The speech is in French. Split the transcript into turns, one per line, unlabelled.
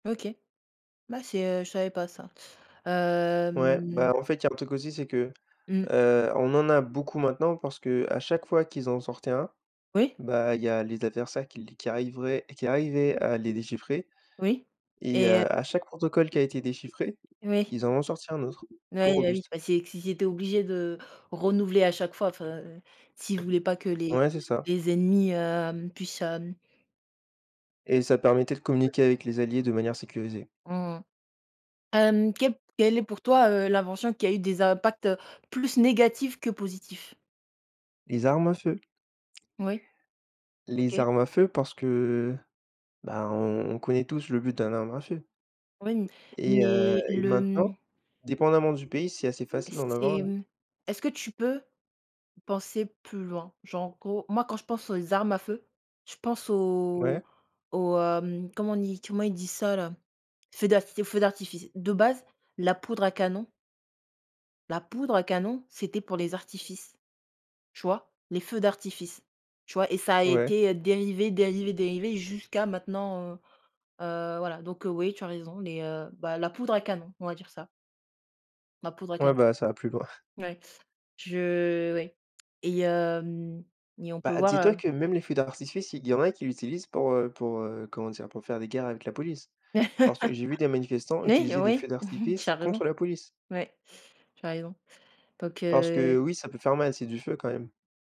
OK. Bah c'est, heu, je savais pas ça,
Ouais,
hem
bah, en fait, il y a un truc aussi c'est que,
Mmh.
heu, on en a beaucoup maintenant parce qu'à chaque fois qu'ils en sortaient un,
Oui.
bah, il y a les adversaires qui l qui arriveraient qui arrivaient à les déchiffrer.
Oui
Et
et heu
heu, à chaque protocole qui a été déchiffré,
Oui.
ils en ont sorti un autre plus
Oui, bah, oui,
robuste.
bah, c'est q s'ils étaient obligés de renouveler à chaque fois, enfin, s'ils voulaient pas que les
Ouais, c'est ça.
les ennemis, hem, puissent, hem
Et ça permettait de
Ouais.
communiquer avec les alliés de manière sécurisée.
Mmh. Hem, quelle quelle est pour toi, heu, l'invention qui a eu des impacts, heu, plus négatifs que positifs?
Les armes à feu.
Oui.
Les
OK.
armes à feu parce que, ben, on connaît tous le but d'un arme à feu.
Oui m
Et heu
mais
et
le,
maintenant
mmh
dépendamment du pays, c'est assez facile d'en avoir,
C'est,
hein.
mmh, est-ce que tu peux penser plus loin? Genre, en gros, moi quand je pense aux armes à feu, je pense
Ouais.
aux aux, hem, comment on dit? Comment ils disent ça là? Feux d'arf feux d'artifice. De base, la poudre à canon la poudre à canon, c'était pour les artifices, tu vois? Les feux d'artifice, tu vois et ça a
Ouais.
été, heu, dérivé, dérivé, dérivé jusqu'à maintenant, heu, heu, voilà, donc, heu, oui, tu as raison les, heu, bah, la poudre à canon, on va dire ça. La poudre à
Ouais,
canon.
bah, ça va plus loin.
Ouais, je oui et hem et on peut
Bah,
voir,
dis-toi
heu
que même les feux d'artifice, il y en a qui l'utilisent pour, heu, pour, heu, comment dire? Pour faire des guerres avec la police. Parce que j'ai vu des manifestants
Oui,
utiliser des
oui,
feux
tu
d'artifice
as raison.
contre la police.
Oui, tu as raison. Donc,
Parce
heu
que, oui, ça peut faire mal et c'est du feu quand même.